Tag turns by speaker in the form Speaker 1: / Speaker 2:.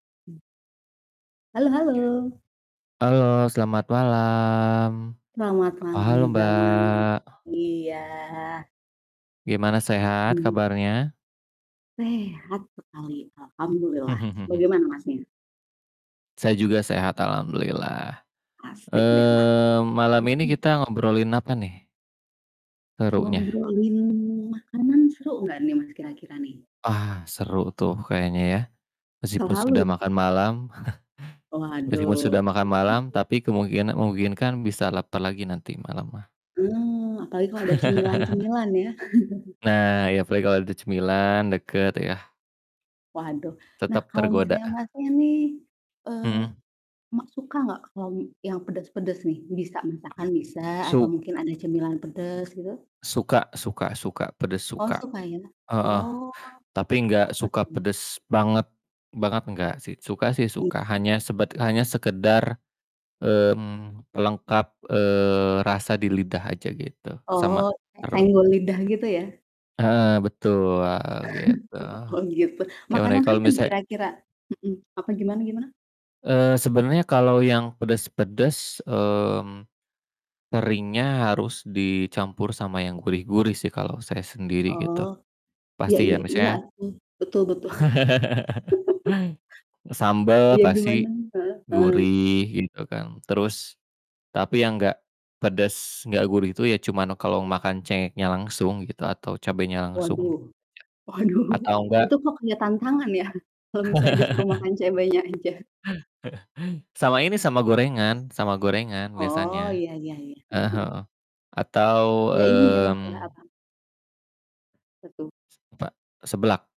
Speaker 1: Halo halo.
Speaker 2: Halo, selamat malam.
Speaker 1: Selamat malam
Speaker 2: Halo,
Speaker 1: juga, Mas,
Speaker 2: Mbak.
Speaker 1: iya.
Speaker 2: Gimana sehat
Speaker 1: Mmm.
Speaker 2: kabarnya?
Speaker 1: Sehat sekali alhamdulillah. Bagaimana Masnya?
Speaker 2: Saya juga sehat alhamdulillah.
Speaker 1: Asih deh, Mas,
Speaker 2: Eee, malam ini
Speaker 1: mmm.
Speaker 2: kita ngobrolin apa nih serunya?
Speaker 1: Ngobrolin makanan seru nggak nih, Mas, kira-kira nih?
Speaker 2: Ah, seru tuh kayaknya ya? Meskipun
Speaker 1: Selalu.
Speaker 2: sudah makan malam, meskipun sudah
Speaker 1: Waduh
Speaker 2: makan
Speaker 1: kalo
Speaker 2: malam
Speaker 1: gitu
Speaker 2: tapi kemungkina memungkinkan bisa lapar lagi nanti malam mah.
Speaker 1: Mmm, apalagi kalau ada cemilan-cemilan ya.
Speaker 2: Nah ya apalagi kalau ada cemilan, deket ya.
Speaker 1: Waduh, nah
Speaker 2: Tetep
Speaker 1: kalau
Speaker 2: tergoda.
Speaker 1: misalnya Masnya nih, eee,
Speaker 2: Mhm.
Speaker 1: Mas suka nggak kalau m yang pedes-pedes nih, bisa, misalkan bisa atau
Speaker 2: Suk
Speaker 1: mungkin ada cemilan pedes gitu?
Speaker 2: suka suka suka, pedas
Speaker 1: Oh
Speaker 2: suka.
Speaker 1: suka ya?
Speaker 2: Heeh,
Speaker 1: Oh,
Speaker 2: tapi gak
Speaker 1: apa
Speaker 2: suka
Speaker 1: tuh?
Speaker 2: pedes banget banget nggak sih, suka sih
Speaker 1: Hmm.
Speaker 2: suka hanya sebat hanya sekedar, mmm, pelengkap, eee, rasa di lidah aja gitu, sama
Speaker 1: Oh, kayak
Speaker 2: perut.
Speaker 1: senggol lidah gitu ya?
Speaker 2: Heeh, betul, heeh, gitu.
Speaker 1: Oh gitu.
Speaker 2: Gimana ya
Speaker 1: Makanan
Speaker 2: kalo
Speaker 1: apa nih
Speaker 2: misalnya
Speaker 1: kira-kira? Mhm, apa gimana gimana?
Speaker 2: eee, sebenernya kalo yang pedes-pedes, mmm, seringnya harus dicampur sama yang gurih-gurih sih kalo saya sendiri
Speaker 1: Oh,
Speaker 2: gitu.
Speaker 1: iya
Speaker 2: Pasti
Speaker 1: iya
Speaker 2: ya
Speaker 1: iya
Speaker 2: misalnya,
Speaker 1: atuh, betul betul.
Speaker 2: sambel
Speaker 1: Iya gimana
Speaker 2: pasti
Speaker 1: heeh heeh.
Speaker 2: gurih gitu kan, terus tapi yang nggak pedes nggak gurih itu ya cuman kalo makan cengeknya langsung gitu atau cabenya langsung
Speaker 1: Waduh,
Speaker 2: gitu ya.
Speaker 1: waduh
Speaker 2: Atau enggak
Speaker 1: itu kok kayak tantangan ya? Kalau misalnya disuruh makan cabenya aja.
Speaker 2: Sama ini sama gorengan sama gorengan
Speaker 1: Oh,
Speaker 2: biasanya.
Speaker 1: iya iya iya,
Speaker 2: Ah
Speaker 1: heeh
Speaker 2: hah
Speaker 1: heeh.
Speaker 2: heeh heeh. Atau,
Speaker 1: Iya inilah, kayak
Speaker 2: mmm
Speaker 1: apa? Apa tuh?
Speaker 2: semta seblak.